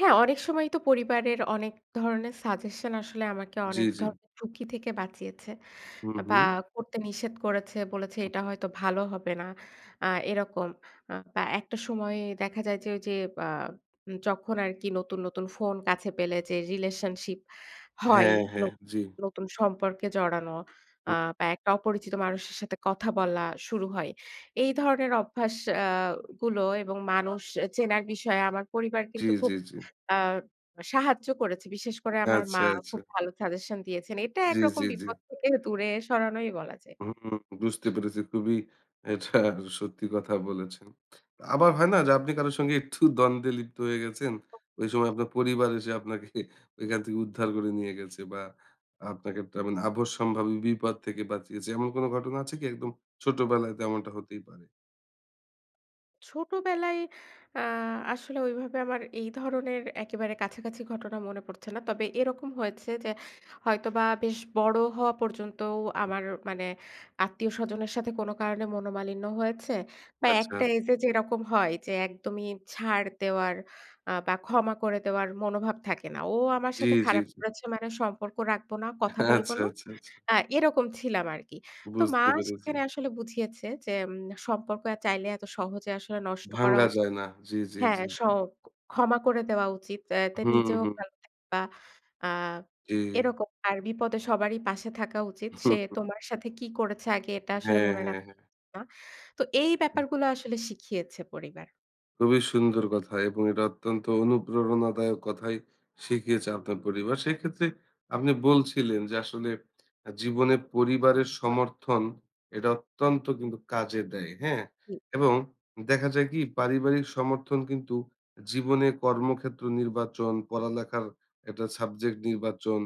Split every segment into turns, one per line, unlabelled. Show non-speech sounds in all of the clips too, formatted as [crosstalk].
হ্যাঁ অনেক সময়ই তো পরিবারের অনেক ধরনের সাজেশন আসলে আমাকে
জ্বী,
অনেক
জ্বী।
ধরনের ঝুঁকি থেকে বাঁচিয়েছে।
হুম,
আ বা
হুম।
করতে নিষেধ করেছে, বলেছে "এটা
হুম।
হয়তো ভালো হবে না।" আ এরকম আ বা একটা সময়ে দেখা যায় যে ওইযে বা যখন আরকি নতুন, নতুন ফোন কাছে পেলে যে রিলেশনশিপ হয়।
হ্যাঁ,
ন
হ্যাঁ। জ্বী।
নতুন সম্পর্কে জড়ানো আ
হু।
বা একটা অপরিচিত মানুষের সাথে কথা বলা শুরু হয়। এই ধরনের অভ্যাস অ্যা গুলো এবং মানুষ এ চেনার বিষয়ে আমার পরিবার কিন্তু
জ্বী,
খুব
জ্বী, জ্বী।
আ সাহায্য করেছে। বিশেষ করে আমার মা
আচ্ছা, আচ্ছা।
খুব ভালো সাজেশন দিয়েছেন। এটা
জ্বী,
একরকম
জ্বী, জ্বী।
বিপদ থেকে দূরে সরানোই বলা যায়।
হুম, বুঝতে পেরেছি খুবই এটা সত্যি কথা বলেছেন। আবার হয় না যে আপনি কারো সাথে একটু দ্বন্দ্বে লিপ্ত হয়ে গেছেন। ওই সময় আপনার পরিবার এসে আপনাকে ওইখান থেকে উদ্ধার করে নিয়ে গেছে বা আপনাকে একটা মানে আপদসম্ভাবী বিপদ থেকে বাঁচিয়েছে। এমন কোন ঘটনা আছে কি? একদম ছোট বেলায় তো এমনটা হতেই পারে।
ছোটবেলায় আ আসলে ওইভাবে আমার এই ধরনের একেবারে কাছাকাছি ঘটনা মনে পড়ছে না। তবে এরকম হয়েছে যে হয়তোবা বেশ বড় হওয়া পর্যন্তও আমার মানে আত্মীয় স্বজনের সাথে কোন কারণে মনোমালিন্য হয়েছে। বা
আচ্ছা।
একটা এইজে যেরকম হয় যে একদমই ছাড় দেওয়ার আ বা ক্ষমা করে দেওয়ার মনোভাব থাকে না। ও আমার
জ্বী,
সাথে
জ্বী,
খারাপ
জ্বী।
করেছে মানে সম্পর্ক রাখবো না, কথা
[chuckles]
বলব
আচ্ছা,
না,
আচ্ছা, আচ্ছা।
অ্যা এরকম ছিলাম আরকি। তো মা
বুঝতে পেরেছি।
সেখানে আসলে বুঝিয়েছে যে, "সম্পর্ক চাইলে এত সহজে আসলে নষ্ট করা
ভাঙা
উচি
যায় না। জ্বী, জ্বী,
হ্যাঁ
জ্বী,
স
জ্বী।
ক্ষমা করে দেওয়া উচিত। অ্যা তে
হুম,
নিজেও
হুম।
ভালো থাকবা আ
জ্বী।
এরকম। আর বিপদে সবারই পাশে থাকা উচিত। সে
[chuckles]
তোমার সাথে কি করেছে আগে এটা আসলে
হ্যাঁ,
মনে রাখ
হ্যাঁ, হ্যাঁ।
না।" তো এই ব্যাপারগুলো আসলে শিখিয়েছে পরিবার।
খুবই সুন্দর কথা এবং এটা অত্যন্ত অনুপ্রেরণাদায়ক কথাই শিখিয়েছে আপনার পরিবার। সেক্ষেত্রে আপনি বলছিলেন যে আসলে আ জীবনে পরিবারের
হুম।
সমর্থন, এটা অত্যন্ত কিন্তু কাজে দেয়, হ্যাঁ?
হুম।
এবং দেখা যায় কি পারিবারিক সমর্থন কিন্তু জীবনে কর্মক্ষেত্র নির্বাচন, পড়ালেখার একটা সাবজেক্ট নির্বাচন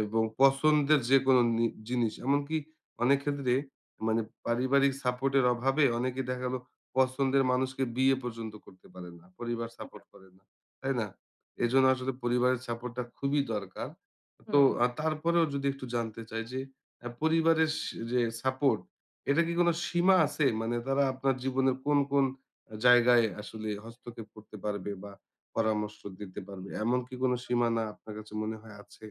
এবং পছন্দের যেকোনো নি জিনিস এমনকি অনেক ক্ষেত্রে মানে পারিবারিক সাপোর্ট এর অভাবে অনেকে দেখা গেলো পছন্দের মানুষকে বিয়ে পর্যন্ত করতে পারে না। পরিবার
হুম।
সাপোর্ট করে না, তাই না? এজন্য আসলে পরিবারের সাপোর্ট টা খুবই দরকার। তো
হুম।
আ তারপরেও যদি একটু জানতে চাই যে অ্যা পরিবারের সে রে সাপোর্ট, এটা কি কোন সীমা আছে? মানে তারা আপনার জীবনের কোন, কোন আ জায়গায় আসলে হস্তক্ষেপ করতে পারবে বা পরামর্শ দিতে পারবে? এমন কি কোন সীমানা আপনার কাছে মনে হয় আছে?